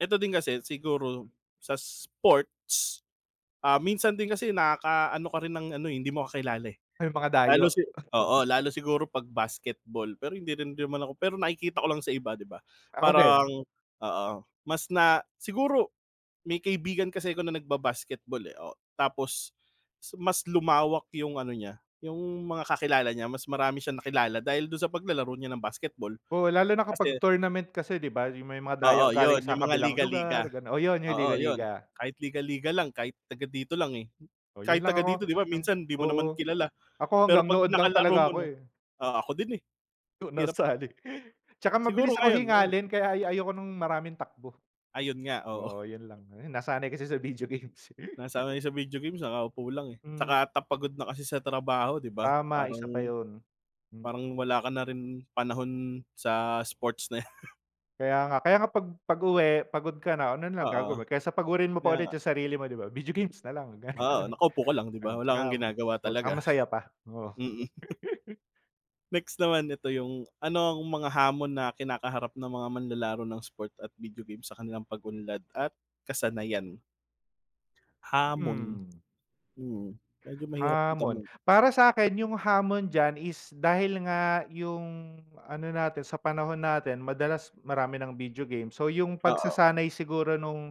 Eto din kasi, siguro, sa sports, ah minsan din kasi, nakakaano ka rin ng ano, eh, hindi mo kakilala, eh, May mga dayo. lalo si oo. lalo siguro 'pag basketball. Pero hindi rin naman ako pero nakikita ko lang sa iba, 'di ba, Ako din. parang, oo, mas na siguro, may kaibigan kasi 'ko na nagbabasketball eh, oh, tapos si mas lumawak yung ano niya, yung mga kakilala niya mas marami siyang nakilala dahil dun sa paglalaro niya ng basketball, Oo, lalo na kapag kasi. tournament kasi 'di ba, yung may mga dayo Oo, yun galing sa yung mga kabilang liga-liga, lugar, ganun, oh, yun yung oo, yun, liga-liga. kahit liga-liga lang kahit taga dito lang, eh, Oh, kahit yun lang taga ako, dito 'di ba, minsan di mo oo, naman kilala ako pero hanggang pag nood lang nakalaro talaga mo ako, na, eh. oo, ako din, eh, Yu hirap. nasali 'tsaka mabilis Siguro ako ngayon, ngayon. hingalin, kaya ay ayoko ng maraming takbo, Ayun nga, oo. oo, yun lang, nasanay kasi sa video games. Nasanay sa video games nakaupo lang, eh, Mm. 'tsaka ta pagod na kasi sa trabaho 'di ba, Tama, isa pa parang, yun. parang wala ka na rin panahon sa sports na yan. Kaya nga, kaya nga pag pag uwi pagod ka na, ano nalang Oo, gagawin? kesa pagurin mo pa kaya ulit nga. yung sarili mo, 'di ba, video games na lang ganun. Oo, nakaupo ka lang di Eh ba wala kang tram ginagawa oh, saka talaga, masaya pa, oo. mhm. Next naman ito yung, ano ang mga hamon na kinakaharap ng mga manlalaro ng sport at video game sa kanilang pag-unlad at kasanayan? Hamon, Hmm. hmm, medyo mahirap na Hamon, tanong. para sakin yung hamon dyan is, dahil nga, yung ano natin, sa panahon natin madalas marami ng video game, so, yung Oo. pagsasanay siguro nung,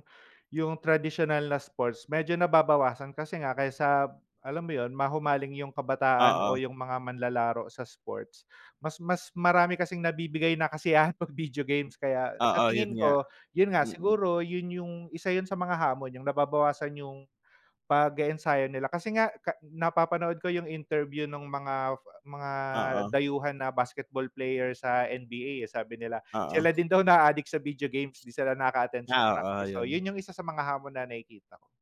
yung tradisyonal na sports medyo nababawasan kasi nga, kaysa, alam mo yun mahumaling yung kabataan Oo. o yung mga manlalaro sa sports, mas mas marami kasing nabibigay na kasiyahan pag video games, kaya sa Oo, yun tingin nga, ko, yun nga mhm. siguro yun yung, isa yun sa mga hamon, yung nababawasan yung pag-e-ensayo nila, kasi nga, ka napapanood ko yung interview nung mga mga Oo. dayuhan na basketball player sa NBA eh, sabi nila Oo. "sila din daw naadik sa video games 'di sila nakaka-attend sa Ah, oo, practice," so, yun. yun yung isa sa mga hamon na nakikita ko.